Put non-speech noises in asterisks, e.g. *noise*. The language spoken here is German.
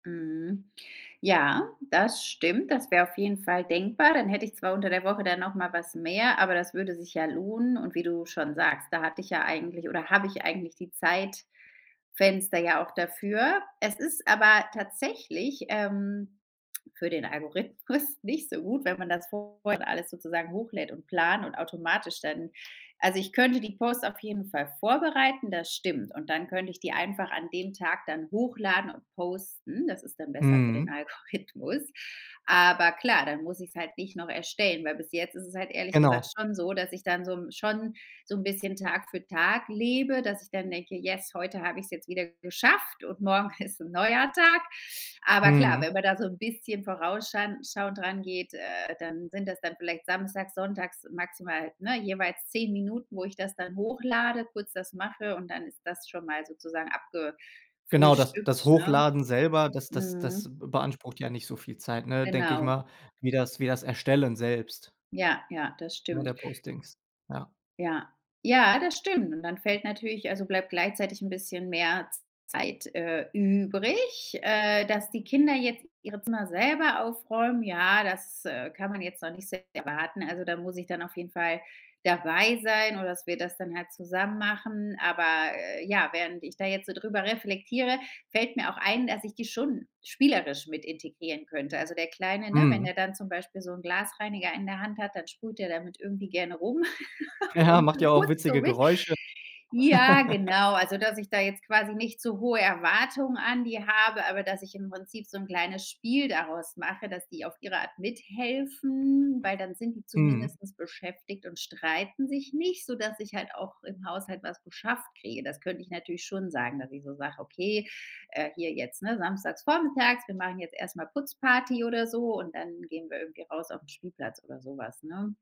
Mhm, ja, das stimmt. Das wäre auf jeden Fall denkbar. Dann hätte ich zwar unter der Woche dann noch mal was mehr, aber das würde sich ja lohnen. Und wie du schon sagst, da hatte ich ja eigentlich oder habe ich eigentlich die Zeitfenster ja auch dafür. Es ist aber tatsächlich, ähm, für den Algorithmus nicht so gut, wenn man das vor her alles sozusagen hochlädt und plant und automatisch dann also, ich könnte die Posts auf jeden Fall vorbereiten, das stimmt. Und dann könnt ich die einfach an dem Tag dann hochladen und posten. Das ist dann besser für den Mhm. Algorithmus. Aber klar, dann muss ich's halt nicht noch erstellen, weil bis jetzt ist es halt ehrlich gesagt Genau. schon so, dass ich dann so schon so 'n bisschen Tag für Tag lebe, dass ich dann denke, yes, heute hab ich's jetzt wieder geschafft und morgen ist 'n neuer Tag. Aber klar, wenn Mhm. man da so 'n bisschen vorausschan schauend rangeht, äh, dann sind das dann vielleicht samstags, sonntags maximal, ne, jeweils 10 Minuten, wo ich das dann hochlade, kurz das mache und dann ist das schon mal sozusagen Genau, das das abgefrühstückt, ne? Hochladen selber, das das das Mhm. b beansprucht ja nicht so viel Zeit, ne, denke ich Genau. mal, wie das wie das Erstellen selbst. Ja, ja. Das Ja, stimmt. der Postings. Ja. Ja. Ja, das stimmt. Und dann fällt natürlich also bleibt gleichzeitig 'n bisschen mehr Z Zeit, äh, übrig, äh, dass die Kinder jetzt ihre Zimmer selber aufräumen. Ja, das, äh, kann man jetzt noch nicht s erwarten. Also, da muss ich dann auf jeden Fall dabei sein oder dass wir das dann halt zusammen machen. Aber ja, während ich da jetzt so drüber reflektiere, fällt mir auch ein, dass ich die schon spielerisch mit integrieren könnte. Also der Kleine, ne? Wenn Mhm. der dann zum Beispiel so 'n Glasreiniger in der Hand hat, dann sprüht der damit irgendwie gerne rum *laughs* Ja, und macht ja auch putzt so witzige mit. Geräusche. Ja, *laughs* genau. Also, dass ich da jetzt quasi nicht zu hohe Erwartungen an die habe, aber dass ich im Prinzip so 'n kleines Spiel daraus mache, dass die auf ihre Art mithelfen, weil dann sind die Mhm. zumindest beschäftigt und streiten sich nicht, sodass ich halt auch im Haushalt was geschafft kriege. Das könnte ich natürlich schon sagen, dass ich so sage: „Okay, äh, hier jetzt, ne, samstags vormittags, wir machen jetzt erst mal Putzparty“ oder so, und dann gehen wir irgendwie raus auf 'n Spielplatz oder so was, ne?